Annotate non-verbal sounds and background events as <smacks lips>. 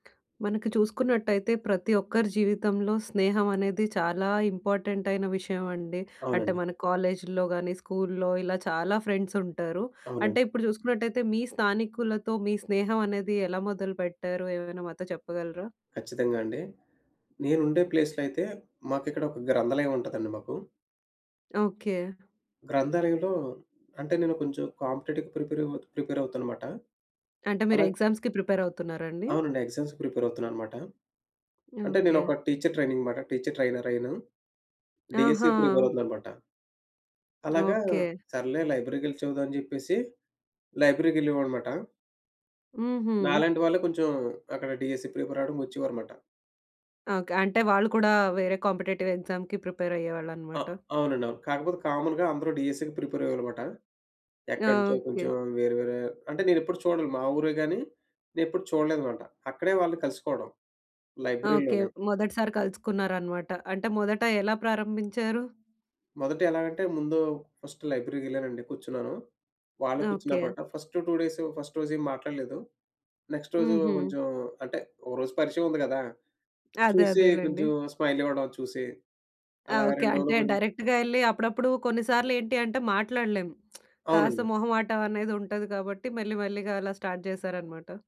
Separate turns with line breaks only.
మనకి చూసుకున్నట్టయితే, ప్రతి ఒక్కరి జీవితంలో స్నేహం అనేది చాలా ఇంపార్టెంట్ అయిన విషయం అండి. అంటే
అవునండి.
మన కాలేజీల్లో గానీ, స్కూల్లో ఇలా చాలా ఫ్రెండ్స్ ఉంటారు.
అవునండి.
అంటే ఇప్పుడు చూసుకున్నట్టయితే, మీ స్థానికులతో మీ స్నేహం అనేది ఎలా మొదలుపెట్టారు? ఏమైనా మాతో చెప్పగలరా?
ఖచ్చితంగా అండి. నేనుండే ప్లేస్‌లో అయితే, మాకు ఇక్కడ ఒక గ్రంథాలయం ఉంటదండి మాకు.
ఓకే.
గ్రంథాలయంలో, అంటే నేను కొంచెం కాంపిటేటివ్‌కి ప్రిపేర్ అవ్ ప్రిపేర్ అవుతానమాట.
అంటే, మీరు
అలా
ఎగ్జామ్స్‌కి ప్రిపేర్ అవుతున్నారా అండి?
అవునండి. ఆ ఎగ్జామ్స్‌‌కి ప్రిపేర్ అవుతున్నా అనమాట. అంటే నేను
ఓకే.
ఒక టీచర్ ట్రైనింగ్ మాట టీచర్ ట్రైనర్ అయ్యాను. డీఎస్సీ
ఆహా!
ప్రిపేర్ అవుతున్నా అనమాట. అలాగా
ఓకే.
సర్లే లైబ్రరీకెళ్లి చదువుదాం అని చెప్పేసి, లైబ్రరీకెళ్ళేవాడనమాట.
హుహు.
నాలాంటి వాళ్ళే కొంచెం, అక్కడ డీఎస్సీ ప్రిపేర్ అవ్వడానికి ఒచ్చేవారనమాట.
ఓకె. అంటే వాళ్ళు కూడా వేరే కాంపిటేటివ్ ఎక్సామ్‌కి ప్రిపేర్
అ
అయ్యేవాళ్ళనమాట.
అవునండి, అవును. కాకపోతే కామన్‌గా అందరూ డీఎస్సీ‌కి ప్రిపేర్ అయ్యేవాళ్ళనమాట. ఎక్కడినుంచో కొంచెం
ఓకే.
వేరే వేరే అంటే నేనెప్పుడు చూడను. మా ఊరే గాని, నేను ఎప్పుడు చూడలేదనమాట. అక్కడే వాళ్ళని కలుసుకోవడం,
ఓకే.
లైబ్రరీలోనే.
మొదటిసారి కలుసుకున్నారనమాట. అంటే మొదట ఎలా ప్రారంభించారు?
మొదట ఎలాగంటే, ముందు ఫస్ట్ లైబ్రరీకెళ్ళానండి. కూర్చున్నాను. వాళ్ళు
ఓకే.
కూర్చున్నప్పుడు ఫస్ట్ 2 డేసు ఫస్ట్ రోజు ఏం మాట్లాడలేదు. నెక్స్ట్ రోజు
హుహు.
కొంచెం అంటే, ఒకరోజు పరిచయం ఉంది గదా!
అదే.
చూసి
అదేలెండి.
కొంచెం స్మైల్ ఇవ్వడం చూసి, అలాగ
ఓకే.
2 రోజులు
అంటే,
గొం
డైరెక్ట్‌గా ఎళ్లి అప్పుడప్పుడు కొన్నిసార్లు ఏంటి అంటే మాట్లాడలేం. <smacks lips> కాస్త
అవునండి.
మొహమాటం అనేది ఉంటది కాబట్టి మెల్లి మెల్లిగా అలా స్టార్ట్ జేశారనమాట.